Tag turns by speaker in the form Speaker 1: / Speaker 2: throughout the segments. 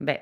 Speaker 1: Beh,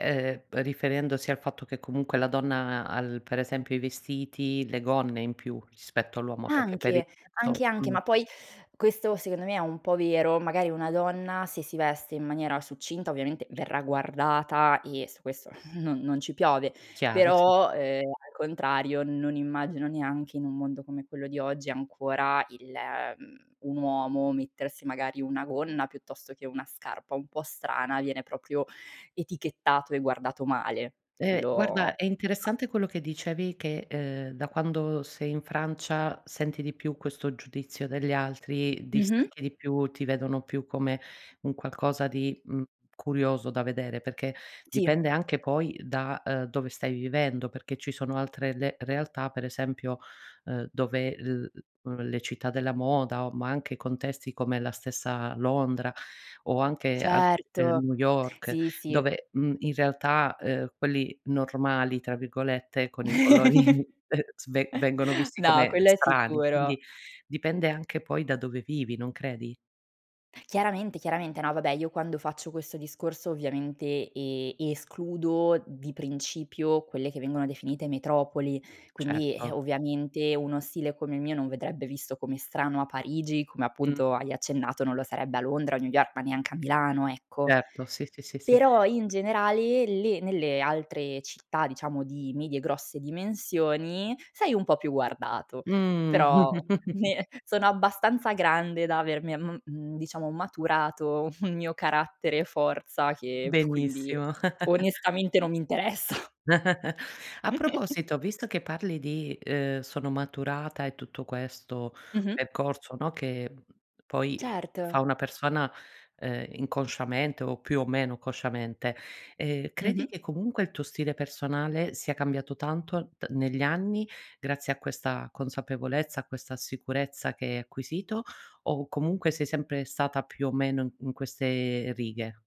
Speaker 1: uhm, riferendosi al fatto che comunque la donna ha l per esempio i vestiti, le gonne in più rispetto all'uomo, perché per il
Speaker 2: Anche. Anche,
Speaker 1: resto,
Speaker 2: anche,
Speaker 1: mhmm
Speaker 2: ma poi questo secondo me, è un po' vero. Magari una donna se si veste in maniera succinta, ovviamente verrà guardata e su questo non non ci piove.
Speaker 1: Chiaro, sì.
Speaker 2: Però, uhm, al contrario, non immagino neanche in un mondo come quello di oggi, ancora il mhmm, un uomo mettersi magari una gonna, piuttosto che una scarpa un po' strana, viene proprio etichettato e guardato male.
Speaker 1: Uhm,
Speaker 2: Lo
Speaker 1: guarda, è interessante quello che dicevi che, uhm, da quando sei in Francia senti di più questo giudizio degli altri,
Speaker 2: Mh-mh.
Speaker 1: distacchi di più, ti vedono più come un qualcosa di, mhmm, curioso da vedere, perché
Speaker 2: Sì.
Speaker 1: dipende anche poi da, uhm, dove stai vivendo. Perché ci sono altre le realtà, per esempio, uhm, dove l l le città della moda o ma anche contesti come la stessa Londra o anche altr uhm,
Speaker 2: Certo,
Speaker 1: New York,
Speaker 2: sì, sì.
Speaker 1: dove, mhmm, in realtà, uhm, quelli "normali" tra virgolette, con i colori sve vengono visti
Speaker 2: No,
Speaker 1: come
Speaker 2: quello è
Speaker 1: strani;
Speaker 2: sicuro.
Speaker 1: quindi dipende anche poi da dove vivi, non credi?
Speaker 2: Chiaramente, chiaramente. No, vabbè, io quando faccio questo discorso ovviamente e escludo di principio quelle che vengono definite metropoli. Quindi, eh,
Speaker 1: Certo.
Speaker 2: ovviamente uno stile come il mio, non vedrebbe visto come strano a Parigi, come
Speaker 1: Mh.
Speaker 2: appunto hai accennato, non lo sarebbe a Londra o a New York, ma neanche a Milano, ecco.
Speaker 1: Certo, sì, sì, sì, sì.
Speaker 2: Però in generale, le nelle altre città, diciamo di medie, grosse dimensioni, sei un po' più guardato,
Speaker 1: Mh.
Speaker 2: però ne sono abbastanza grande da avermi a mhmm, diciamo maturato un mio carattere e forza che quindi io
Speaker 1: Benissimo.
Speaker 2: onestamente non mi interessa.
Speaker 1: A proposito, visto che parli di, uhm, sono maturata e tutto questo
Speaker 2: Mh-mh.
Speaker 1: percorso, no, che, mhmm, poi
Speaker 2: Certo.
Speaker 1: fa una persona, uhm, inconsciamente, o più o meno consciamente, uhm, credi
Speaker 2: Mh-mh.
Speaker 1: che comunque il tuo stile personale sia cambiato tanto t negli anni grazie a questa consapevolezza, a questa sicurezza che hai acquisito, o comunque sei sempre stata più o meno, mhmm, in queste righe?